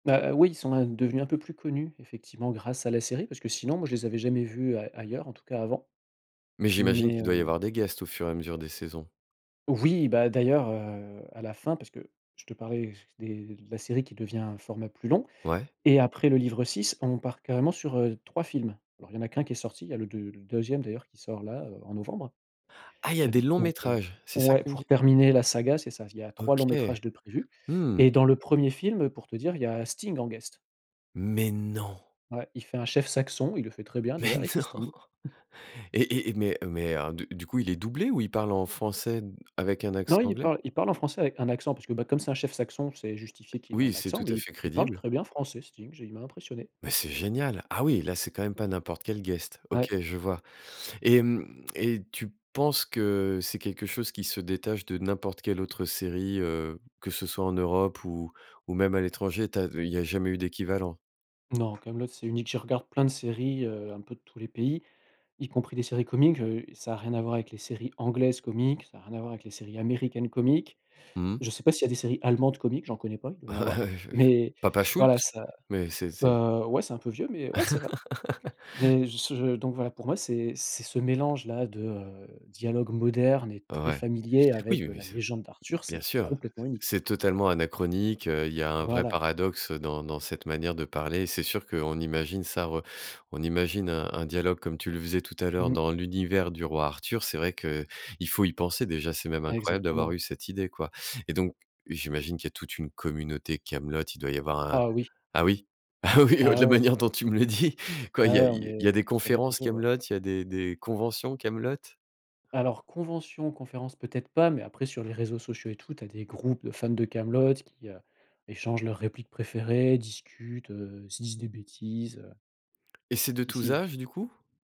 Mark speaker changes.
Speaker 1: Bah, oui, ils sont, hein, devenus un peu plus connus, effectivement, grâce à la série parce que, sinon, moi, je les avais jamais vus ail ailleurs, en tout cas, avant.
Speaker 2: Mais j'imagine
Speaker 1: Mais
Speaker 2: qu'il doit y
Speaker 1: hem
Speaker 2: avoir des guests au fur et à mesure des saisons?
Speaker 1: Oui, bah, d'ailleurs, heu, à la fin, parce que je te parlais des de la série qui devient un format plus long
Speaker 2: Ouais.
Speaker 1: et après le livre 6, on part carrément sur, heu, 3 films. Alors il y en a qu'1 qui est sorti, il y a le deu le 2e d'ailleurs qui sort, là, heu, en novembre.
Speaker 2: Ah, il y a des longs
Speaker 1: Donc heu
Speaker 2: métrages! C'est ça que
Speaker 1: Ouais,
Speaker 2: tu me
Speaker 1: pour
Speaker 2: dis?
Speaker 1: terminer la saga, c'est ça. Il y a 3
Speaker 2: OK.
Speaker 1: longs-métrages de prévus
Speaker 2: Mmh.
Speaker 1: et dans le 1er film, heu, pour te dire, il y a Sting en guest.
Speaker 2: Mais non!
Speaker 1: Ouais. Il fait un chef saxon, il le fait très bien,
Speaker 2: Mais
Speaker 1: d'ailleurs et c'est
Speaker 2: non!
Speaker 1: Sting.
Speaker 2: et et mais heu, mais alors, du du coup, il est doublé ou il parle en français avec un accent
Speaker 1: Non, il
Speaker 2: anglais?
Speaker 1: parle il parle en français avec un accent, parce que, bah, comme c'est un chef saxon, c'est justifié qu'il ait
Speaker 2: Oui,
Speaker 1: un
Speaker 2: c'est
Speaker 1: accent
Speaker 2: tout à
Speaker 1: mais il
Speaker 2: fait
Speaker 1: il parle
Speaker 2: crédible.
Speaker 1: très bien français, Sting, j il m'a impressionné.
Speaker 2: Mais c'est génial! Ah, oui, là, c'est quand même pas n'importe quel guest. OK,
Speaker 1: Ouais.
Speaker 2: je vois et mmh, et tu penses que c'est quelque chose qui se détache de n'importe quelle autre série, heu, que ce soit en Europe ou ou même à l'étranger? Tu as il y a jamais eu d'équivalent?
Speaker 1: Non, Kaamelott, c'est unique. Je regarde plein de séries, heu, un peu de tous les pays, y compris des séries comiques, heu, ça a rien à voir avec les séries anglaises comiques. Ça a rien à voir avec les séries américaines comiques.
Speaker 2: Mmh mh.
Speaker 1: Je sais pas s'il y a des séries allemandes comiques. J'en connais pas. Il doit y en avoir.
Speaker 2: Ouais, j j
Speaker 1: Mais
Speaker 2: Papa
Speaker 1: voilà
Speaker 2: Shultz?
Speaker 1: ça
Speaker 2: Mais c'est c'est
Speaker 1: heu, ouais, c'est un peu vieux mais ouais, c'est vrai. Des ce heu, je donc voilà, pour moi, c'est c'est ce mélange-là, de, heu, dialogue moderne et très
Speaker 2: Ouais.
Speaker 1: familier
Speaker 2: Oui
Speaker 1: avec, heu,
Speaker 2: mais
Speaker 1: la
Speaker 2: c'est
Speaker 1: légende d'Arthur.
Speaker 2: bien
Speaker 1: C'est
Speaker 2: sûr,
Speaker 1: complètement unique.
Speaker 2: c'est totalement anachronique, heu, il y a un vrai
Speaker 1: Voilà.
Speaker 2: paradoxe dans dans cette manière de parler. C'est sûr qu'on imagine, ça re on imagine un un dialogue, comme tu le faisais tout à l'heure,
Speaker 1: Mmh.
Speaker 2: dans l'univers du roi Arthur. C'est vrai qu'il faut y penser déjà. C'est même incroyable d'avoir
Speaker 1: Exactement.
Speaker 2: eu cette idée, quoi et donc j'imagine qu'il y a toute une communauté Kaamelott. Il doit y avoir un
Speaker 1: Ah, oui.
Speaker 2: ah oui? Ah oui, de
Speaker 1: Ah,
Speaker 2: la
Speaker 1: ouais.
Speaker 2: manière dont tu me le dis! Quoi?
Speaker 1: Ouais,
Speaker 2: Il y a
Speaker 1: ouais, on
Speaker 2: il y a des
Speaker 1: est sur les
Speaker 2: conférences
Speaker 1: réseaux, ouais.
Speaker 2: Kaamelott? Il y a des des conventions Kaamelott?
Speaker 1: Alors convention, conférence peut-être pas mais après, sur les réseaux sociaux et tout, tu as des groupes de fans de Kaamelott qui, heu, échangent leurs répliques préférées, discutent, heu, se disent des bêtises, heu.
Speaker 2: Et c'est de
Speaker 1: Si
Speaker 2: tous
Speaker 1: si.
Speaker 2: âges, du coup?